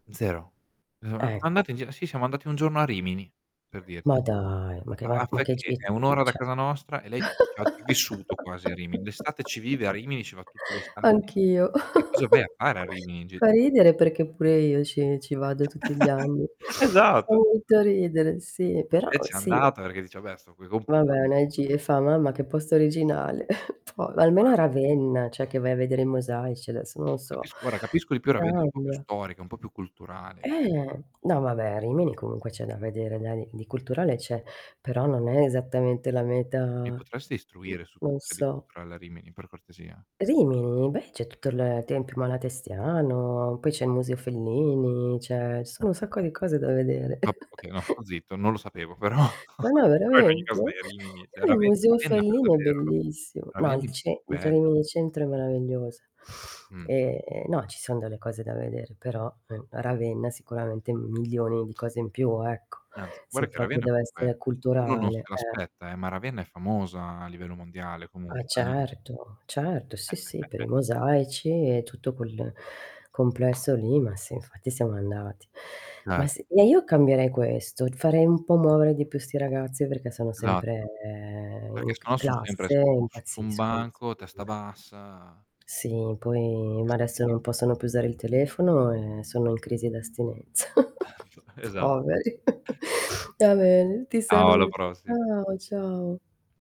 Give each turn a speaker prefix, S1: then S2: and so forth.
S1: Zero. [unintelligible]
S2: Ecco.
S1: Andate via sì, siamo andati un giorno a Rimini, per dir
S2: Ma dai, ma che
S1: Ma a
S2: ma
S1: fa'
S2: ma che
S1: icché?
S2: ge
S1: È 1 ora
S2: mhmm,
S1: da
S2: c'è
S1: casa nostra e lei c c'ha c'ha vissuto quasi a Rimini. D'estate ci vive a Rimini. Ci va tutte l'estati.
S2: anch'io.
S1: Che cosa vai a fare a Rimini in gi
S2: Fa ridere perché pure io ci ci vado tutti gli anni. Fa
S1: Esatto! [unintelligible]
S2: molto ridere, sì.
S1: [unintelligible]
S2: Però
S1: Lei c'è
S2: sì.
S1: andata perché dice: "Vabbè sto coi
S2: Vabbè
S1: compagni." [unintelligible]
S2: [unintelligible] fa: "Mamma che posto originale". Po almeno
S1: [unintelligible]
S2: a Ravenna, cioè che vai a vedere i mosaici, adesso non so.
S1: Capisco guarda capisco di più Ravenna. È un po' più
S2: Cambia.
S1: storica, po' più culturale.
S2: Eh. No, vabbè, a Rimini comunque c'è da vedere dani di culturale c'è, però non è esattamente la meta
S1: Mi potresti istruire su
S2: non
S1: cosa c'è di
S2: so.
S1: culturale a Rimini, per cortesia?
S2: Rimini? Beh, c'è tutto l Tempio Malatestiano, poi c'è il Museo Fellini, c'è ci sono un sacco di cose da vedere.
S1: Vabbè, okay, no, sto zitto, non lo sapevo però
S2: Ma no,
S1: però in ogni caso,
S2: veramente?
S1: dai, è Rimini, cioè
S2: Eh, il
S1: Rave
S2: museo
S1: Ravenna per
S2: Fellini è
S1: davvero.
S2: bellissimo. Ma al
S1: Ravenna
S2: ce in
S1: bel
S2: [unintelligible] centro è meravigliosa.
S1: Mh.
S2: Ehm, no, ci son delle cose da vedere, però, mh, Ravenna sicuramente un milione di cose in più, ecco.
S1: Anzi, guarda
S2: Se
S1: che
S2: proprio
S1: Ravenna, comunque
S2: dev'essere
S1: uno non se
S2: culturale, eh.
S1: l'aspetta, eh, ma Ravenna è famosa a livello mondiale
S2: Ah, eh,
S1: comunque, eh.
S2: certo, certo, sì, sì, per i mosaici e tutto quel complesso lì, ma sì infatti siamo andati. Ma
S1: Cer
S2: sì e io cambierei questo, farei un po' muovere di più 'sti ragazzi, perché sono
S1: Esatto.
S2: sempre in
S1: Perché
S2: c
S1: sennò son sempre
S2: classe
S1: su
S2: e
S1: mo s su un
S2: impazziscono
S1: banco, testa
S2: [unintelligible]
S1: bassa, a
S2: Sì, poi ma adesso
S1: [unintelligible]
S2: non possono più usare il telefono e sono in crisi d'astinenza.
S1: Esa
S2: Poveri. Va bene, ti
S1: Ciao, a la
S2: saluto.
S1: prossi
S2: Ciao, ciao.